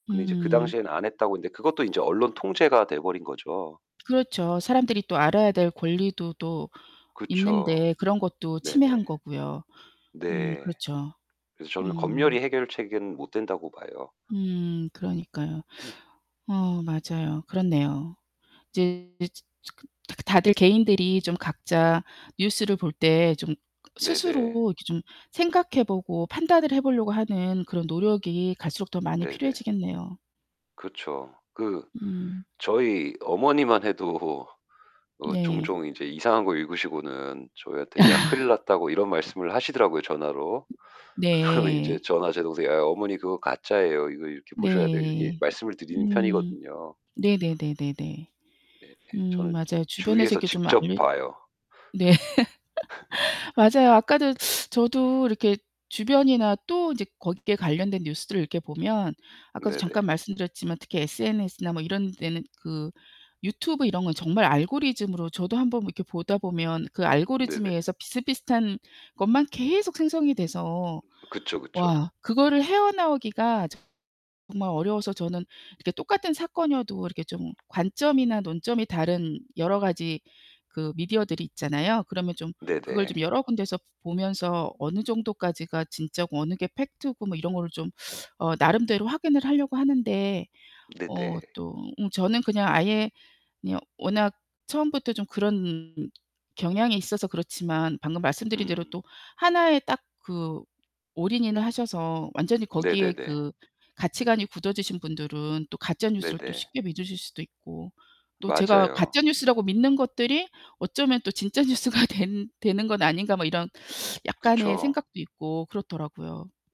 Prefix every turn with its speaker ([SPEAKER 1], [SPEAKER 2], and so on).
[SPEAKER 1] 근데 이제 그
[SPEAKER 2] 음.
[SPEAKER 1] 당시에는 안 했다고 했는데 그것도 인제 언론 통제가 돼 버린 거죠.
[SPEAKER 2] 그렇죠. 사람들이 또 알아야 될 권리도 또
[SPEAKER 1] 그쵸.
[SPEAKER 2] 있는데 그런 것도 침해한
[SPEAKER 1] 네네.
[SPEAKER 2] 거고요. 음
[SPEAKER 1] 네.
[SPEAKER 2] 그렇죠.
[SPEAKER 1] 그래서 저는
[SPEAKER 2] 음.
[SPEAKER 1] 검열이 해결책은 못 된다고 봐요.
[SPEAKER 2] 음 그러니까요. 어 맞아요. 그렇네요. 이제 즈 츠 그 다 그 다들 개인들이 좀 각자 뉴스를 볼 때 좀
[SPEAKER 1] 네 네.
[SPEAKER 2] 스스로 이렇게 좀 생각해 보고 판단을 해 보려고 하는 그런 노력이 갈수록 더 많이
[SPEAKER 1] 네 네.
[SPEAKER 2] 필요해지겠네요.
[SPEAKER 1] 그쵸. 그
[SPEAKER 2] 음.
[SPEAKER 1] 저희 어머니만 해도 어
[SPEAKER 2] 네.
[SPEAKER 1] 종종 인제 이상한 거 읽으시고는 저희한테 야 큰일 났다고 이런 말씀을 하시더라고요 전화로. 그러면 이제
[SPEAKER 2] 네.
[SPEAKER 1] 저나 제 동생이 "아 어머니 그거 가짜예요. 이거 이렇게 보셔야 돼요." 이렇게
[SPEAKER 2] 네.
[SPEAKER 1] 말씀을 드리는
[SPEAKER 2] 음.
[SPEAKER 1] 편이거든요.
[SPEAKER 2] 네 네 네 네 네.
[SPEAKER 1] 네 예.
[SPEAKER 2] 음
[SPEAKER 1] 저는 주
[SPEAKER 2] 맞아요. 주변에서
[SPEAKER 1] 주위에서
[SPEAKER 2] 이렇게 좀
[SPEAKER 1] 직접
[SPEAKER 2] 알려
[SPEAKER 1] 봐요.
[SPEAKER 2] 네. 맞아요. 아까도 저도 이렇게 주변이나 또 이제 거기 게 관련된 뉴스들을 이렇게 보면 아까도 잠깐
[SPEAKER 1] 네네.
[SPEAKER 2] 말씀드렸지만 특히 SNS나 뭐 이런 데는 그 유튜브 이런 건 정말 알고리즘으로 저도 한번 이렇게 보다 보면 그 알고리즘에
[SPEAKER 1] 네네.
[SPEAKER 2] 의해서 비슷비슷한 것만 계속 생성이 돼서
[SPEAKER 1] 음 그쵸, 그쵸.
[SPEAKER 2] 와 그거를 헤어나오기가 정말 어려워서 저는 이렇게 똑같은 사건이어도 이렇게 좀 관점이나 논점이 다른 여러 가지 그 미디어들이 있잖아요. 그러면 좀 그걸
[SPEAKER 1] 네네.
[SPEAKER 2] 좀 여러 군데서 보면서 어느 정도까지가 진짜고 어느 게 팩트고 뭐 이런 거를 좀 어 나름대로 확인을 하려고 하는데 어
[SPEAKER 1] 네네.
[SPEAKER 2] 또 응 저는 그냥 아예 그냥 워낙 처음부터 좀 그런 경향이 있어서 그렇지만 방금 말씀드린 대로
[SPEAKER 1] 음.
[SPEAKER 2] 또 하나의 딱 그 올인인을 하셔서 완전히 거기에
[SPEAKER 1] 네네네.
[SPEAKER 2] 그 가치관이 굳어지신 분들은 또 가짜
[SPEAKER 1] 네
[SPEAKER 2] 뉴스를 또
[SPEAKER 1] 네.
[SPEAKER 2] 쉽게 믿으실 수도 있고 또 '제가
[SPEAKER 1] 맞아요.
[SPEAKER 2] 가짜 뉴스라고 믿는 것들이 어쩌면 또 진짜 뉴스가 된 되는 건 아닌가?' 뭐 이런 약간의
[SPEAKER 1] 그쵸.
[SPEAKER 2] 생각도 있고 그렇더라고요.